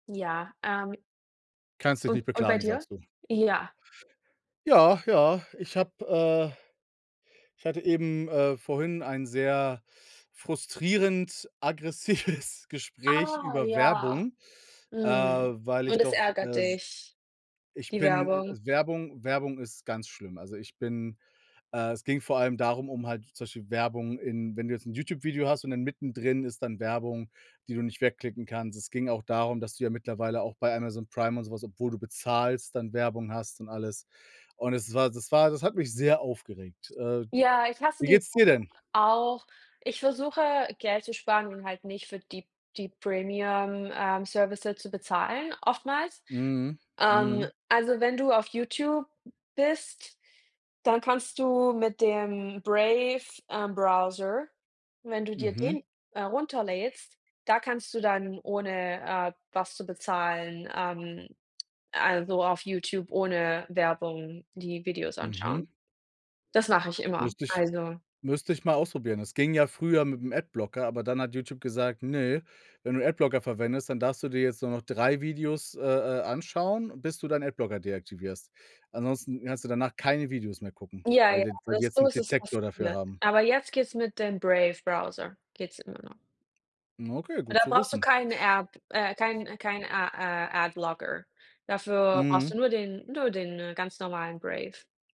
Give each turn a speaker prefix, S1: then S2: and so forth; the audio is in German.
S1: Ja, ähm
S2: Kannst dich
S1: U
S2: nicht
S1: und bei
S2: beklagen,
S1: dir?
S2: sagst du.
S1: Ja.
S2: Ja, ja, ich habe, äh ich hatte eben, äh, vorhin ein sehr frustrierend aggressives Gespräch
S1: Ah
S2: über
S1: ja,
S2: Werbung. Äh,
S1: mhm,
S2: weil ich
S1: und es
S2: doch,
S1: ärgert
S2: äh, se
S1: dich,
S2: ich
S1: die
S2: bin äh,
S1: Werbung?
S2: Werbung Werbung ist ganz schlimm. Also, ich bin äh, es ging vor allem darum, um halt zum Beispiel Werbung in wenn du jetzt 'n YouTube Video hast, und dann mittendrin ist dann Werbung, die du nicht wegklicken kannst. Es ging auch darum, dass du ja mittlerweile auch bei Amazon Prime und so was, obwohl du bezahlst, dann Werbung hast und alles. Und es war das war das hat mich sehr aufgeregt. Äh,
S1: Ja, ich hasse
S2: wie
S1: die
S2: geht's
S1: Werbung
S2: dir denn?
S1: auch. Ich versuche, Geld zu sparen und halt nicht für die die premium, ähm, Services zu bezahlen oftmals.
S2: Mhm.
S1: Ähm,
S2: Mhm.
S1: also, wenn du auf YouTube bist, dann kannst du mit dem Brave, ähm, Browser Wenn du dir
S2: Mhm.
S1: den, äh, runterlädst, da kannst du dann ohne, äh, was zu bezahlen, ähm, also, auf YouTube ohne Werbung die Videos anschauen.
S2: Mhm.
S1: Das mache ich immer,
S2: Müsste ich
S1: also
S2: müsste ich mal ausprobieren. Es ging ja früher mit 'm Adblocker, aber dann hat YouTube gesagt: „Ne, wenn du Adblocker verwendest, dann darfst du dir jetzt nur noch 3 Videos, äh, äh, anschauen, bis du deinen Adblocker deaktivierst.“ Ansonsten kannst du danach keine Videos mehr gucken,
S1: Ja,
S2: weil
S1: ja,
S2: d weil die
S1: also,
S2: jetzt
S1: so
S2: 'n
S1: ist es
S2: Detektor dafür
S1: passiert.
S2: haben.
S1: Aber jetzt geht es mit dem Brave Browser geht's immer noch.
S2: Okay, gut
S1: Da
S2: zu
S1: brauchst du
S2: wissen.
S1: keine App, äh, kein kein a a Adblocker. Dafür brauchst
S2: Mhm.
S1: du nur den, nur den ganz normalen Brave.